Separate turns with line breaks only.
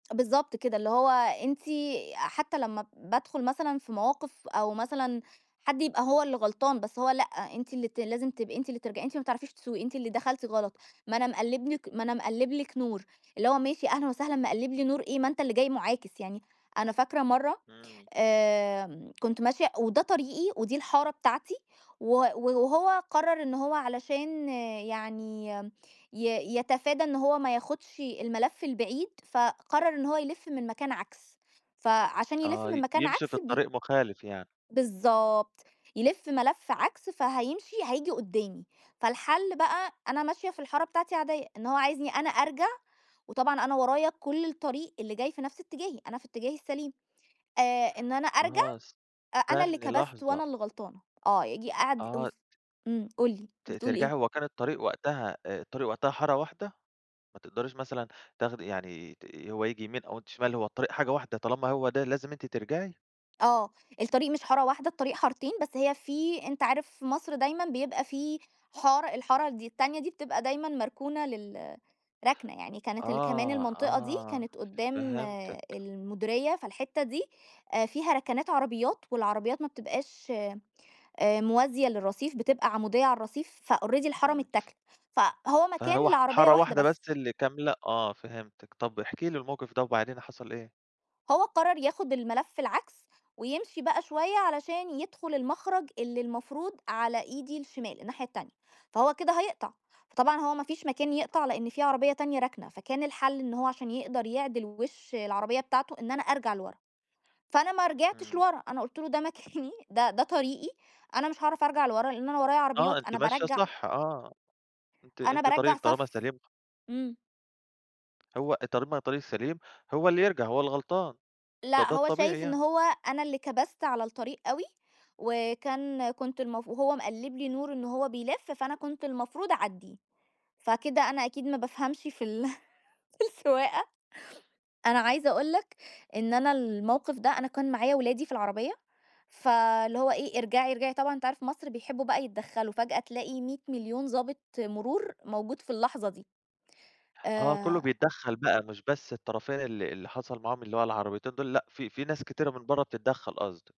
بالضبط كده اللي هو أنتِ أ حتّى لمّا بادخل مثلًا في مواقِف أو مثلًا حد يبقى هو اللي غلطان بس هو لأ، أنتِ اللي ت لازم تبقي أنتِ اللي ترجَ أنتِ ما بتعرفيش تسوقي أنتِ اللي دَخَلتِ غلط، ما أنا مقلِّب لِك ما أنا مقلِّب لِك نور اللي هو ماشي أهلًا وسهلًا مقلِّب لي نور إيه، ما أنت اللي جاي مُعاكس يعني، أنا فاكرة مرّه
إمم.
آمم، كنت ماشية وده طريقي ودي الحارة بتاعتي، و وهو قرّر إن هو علشان يعني ي يتفادى إن هو ما ياخدش الملف البعيد، فقرّر إن هو يلّف من مكان عكس، فعشان يلِفّ
آه،
من
ي
مكان
يمشي في
عكس بي
الطريق مخالف يعني.
بالضبط يلِفّ ملف عكس فهيمشي هييجي قدّامي، فالحلّ بقى أنا ماشية في الحارة بتاعتي عادية، إن هو عايزني أنا أرجَع، وطبعًا أنا ورايا كُلّ الطريق اللي جاي في نَفس اتجاهي، أنا في اتجاهي السليم آآ، إن أنا أرجَع
آه
أ أنا اللي
استنّي
كبَست
لحظة
وأنا اللي غلطانة، آه ييجي قعد
آه ت
وس إمم، قُل لي،
ت
بتقول
ترجعي
إيه؟
هو كان الطريق وقتها آآ، الطريق وقتها حارة واحدة؟ ما تقدَريش مثلًا تاخدي يعني ت ي هو ييجي يمين أو أنتِ شمال، هو الطريق حاجة واحدة طالما هو ده لازم أنتِ ترجعي؟
آه، الطريق مش حارة واحدة، الطريق حارتين، بس هي في أنت عارف في مصر دايمًا بيبقى في حارة، الحارة ال دي التانية دي بتبقى دايمًا مركونة لل رَكنَة يعني، كانت ال كمان
آه،
المنطقة دي
آه،
كانت قدّام
فهمتِك.
المديرية، فالحتة دي آآ فيها رَكَنَات عربيات والعربيات ما بتبقاش آآ موازية للرصيف بتبقى عمودية عالرصيف فalready الحارة
إمم.
متّاكلة، فهو
فهو
مكان
ح
لعربية
حارة
واحدة
واحدة
بس.
بس اللي كاملة آه، فهمتِك، طَب احكِ لي المَوقِف ده، وبعدين حصَل إيه؟
هو قرّر ياخد الملّف العكس، ويمشي بقى شوية علشان يدخُل المَخرَج اللي المفروض على إيدي الشمال، الناحية التانية، فهو كده هيقطَع، فطبعًا هو ما فيش مكان يقطَع لأن في عربية تانية راكنة، فكان الحلّ إن هو عشان يقدَر يعدِل وِشّ العربية بتاعته، إن أنا أرجَع لورا فأنا ما رجعتش
إمم.
لورا، أنا قُلت له ده مكاني ده ده طريقي أنا مش هاعرف أرجَع لورا لأن أنا ورايا
آه،
عربيات،
أنتِ
أنا
ماشية
بارجَّع
صح، آه، أنتِ
أنا
أنتِ
بارجَّع
طريقِك طالما
صفّ،
سليم خ
إمم.
هو طالما أنا طريقي السليم، هو اللي يرجَع، هو الغلطان، ده
لأ،
ده
هو
الطبيعي
شايف إن
يعني.
هو أنا اللي كبَست على الطريق أوي، وكان كنت المف وهو مقلِّب لي نور إن هو بيلِفّ، فأنا كنت المفروض أعدّيه فكده أنا أكيد ما بافهمش في ال في السواقة، أنا عايزة أقول لك إن أنا المَوقِف ده أنا كان معايا ولادي في العربية فاللي هو إيه، ارجَعي ارجَعي طبعًا أنت عارف مصر بيحبّوا بقى يتدخّلوا، فجأة تلاقي 100 مليون ضابط مرور موجود في اللحظة دي،
آه، كلّه
آآ
بيتدخَّل بقى مش بس الطرفين اللي اللي حصَل معاهم اللي هو العربيتين دول، لأ، في في ناس كتيرة من برّه بتتدخّل قصدي.